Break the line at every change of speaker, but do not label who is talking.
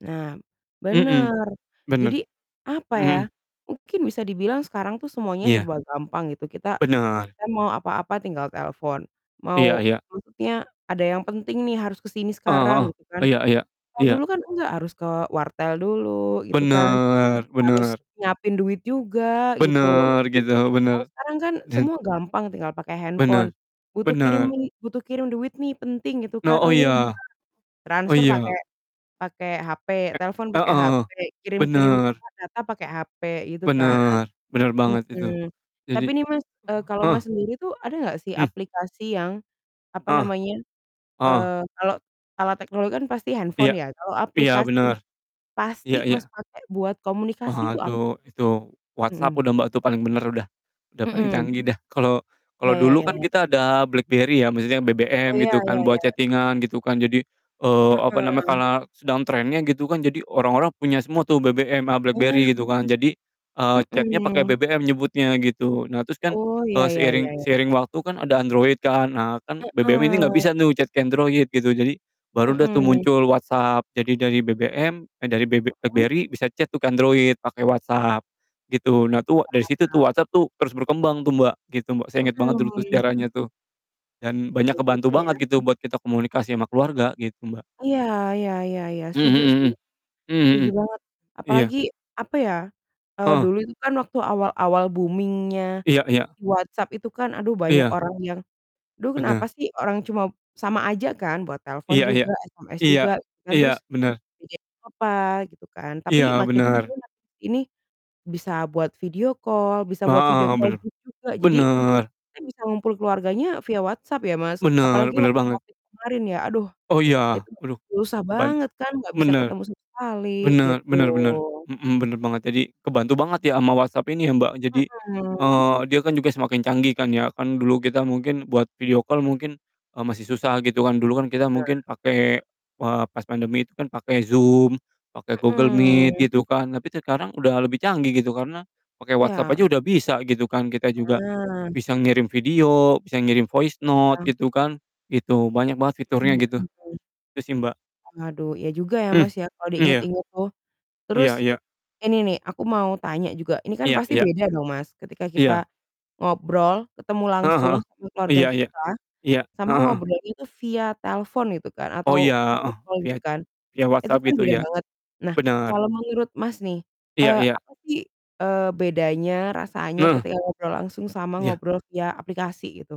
Nah,
Mhm,
bener. Jadi.
bener,
apa ya,
mhm.
mungkin bisa dibilang sekarang tuh semuanya
Iya.
serba gampang gitu, kita
Bener.
kan mau apa-apa tinggal telepon,
Iya
mau
iya.
maksudnya ada yang penting nih harus ke sini
Heeh heeh.
sekarang, gitu kan.
Iya iya
Kalau
iya.
dulu kan enggak, harus ke wartel dulu gitu kan,
Bener
harus
bener.
nyiapin duit juga, gitu.
Bener, gitu, bener.
Kalau sekarang kan
Did
semua gampang, tinggal pakai
Bener.
handphone, butuh kirim
Bener.
li butuh kirim duit nih penting, gitu
No
kan,
oh,
"Oh iya,
iya
bentar."
oh
Transfer pake
iya.
pake HP,
Ek
telfon
heeh
pake
heeh,
HP, kirim-kirim
bener.
apa, data pake HP, gitu kan.
Bener bener banget itu.
Mhm,
Jadi
tapi nih, Mas, eee, kalau
heeh heeh.
Mas sendiri tuh, ada nggak sih
Hmm.
aplikasi yang, apa
Ah.
namanya,
Ah hah.
eee, kalau alat teknologi kan pasti
Iya.
handphone ya, kalau
Iya,
aplikasi
bener. Iya
pasti Mas
iya.
pakai buat komunikasi tuh apa?
Waduh, itu, WhatsApp
Mhm.
udah Mbak tuh paling bener udah, udah paling
Mhm.
canggih dah. Kalo
Iya,
kalo
ya
dulu
ya
kan
ya.
kita ada BlackBerry ya, maksudnya
Oh
BBM
iya,
gitu
ya
kan, buat
ya.
chatting-an gitu kan. Jadi, eee, apa namanya,
Heeh.
karena sedang trennya gitu kan, jadi orang-orang punya semua tuh BBM, a
Wah.
BlackBerry gitu kan. Jadi, eee, chat-nya pake
Mhm.
BBM nyebutnya, gitu. Nah, terus kan,
Oh, iya
eee,
iya
seiring
iya iya.
seiring waktu kan ada Android kan? Nah, kan BBM ini nggak
Heeh.
bisa nih chat ke Android, gitu. Jadi, baru dah tuh
Mhm.
muncul WhatsApp, jadi dari BBM eh, dari BB
Mhm?
BlackBerry, bisa chat tuh ke Android pake WhatsApp, gitu. Nah, tuh dari situ tuh
Paham.
WhatsApp tuh terus berkembang tuh Mbak, gitu Mbak, saya inget banget dulu tuh
Mhm.
sejarahnya tuh, dan banyak
Iya juga
ngebantu banget
ya.
gitu buat kita komunikasi sama keluarga, gitu, Mbak.
Iya iya iya iya,
Mhm
setuju
mhm
sih,
mhm. Mhm
setuju
mhm.
banget!
Iya.
Apalagi, apa ya, eee,
Heeh.
dulu itu kan waktu awal-awal booming-nya
Iya iya.
di WhatsApp itu kan, aduh, banyak
Iya.
orang yang duh, kenapa
Benar.
sih orang cuma sama aja kan buat telepon
Iya iya,
juga, SMS
iya,
juga gitu kan,
iya,
terus,
bener.
[unintelligible] apa, gitu kan, tapi
Iya,
makin ke
benar.
sini makin ke sini bisa buat video call, bisa buat
Heeh
video
heeh,
call
bener.
itu juga, jadi
Bener.
kan bisa ngumpul keluarganya via WhatsApp ya Mas,
[unintelligible] Bener
apalagi
bener
waktu
banget.
Covid kemarin ya, aduh,
Oh iya,
itu
waduh.
susah
Keban
banget kan, nggak bisa
bener.
ketemu sama sekali,
Bener
gitu.
bener bener. Mhm, bener banget. Jadi, kebantu banget ya sama WhatsApp ini ya, Mbak. Jadi,
Mhm.
eee, dia kan juga semakin canggih kan ya, kan dulu kita mungkin buat video call mungkin, eee, masih susah gitu kan, dulu kan kita
Benar.
mungkin pake, eee, pas pandemi itu kan, pake Zoom, pake Google Meet,
Mhm.
gitu kan, tapi sekarang udah lebih canggih, gitu. Karena pake WhatsApp aja
Iya.
udah bisa gitu kan, kita juga
Ah.
bisa ngirim video, bisa ngirim voice note,
Iya.
gitu kan, gitu, banyak banget fiturnya
Mhm
gitu.
mhm mhm.
Itu sih, Mbak.
Waduh, iya juga ya
Hmm,
Mas ya, kalau
iya.
diinget-inget tuh. Terus,
Iya iya.
ini nih, aku mau tanya juga. Ini kan
Iya
pasti
iya.
beda dong Mas, ketika kita
Iya.
ngobrol, ketemu
Heeh
langsung
heeh.
sama keluarga
Iya iya.
kita,
Iya,
sama
heeh heeh.
ngobrolnya itu via telfon gitu kan,
Oh, iya,
atau video
heeh.
call,
Via
gitu
t
kan,
via
itu
WhatsApp
kan
gitu
beda
ya,
banget. Nah,
benar.
kalau menurut Mas nih,
Iya
eee,
iya.
apa sih, eee, bedanya rasanya
Heeh.
ketika ngobrol langsung sama
Iya.
ngobrol via aplikasi, gitu?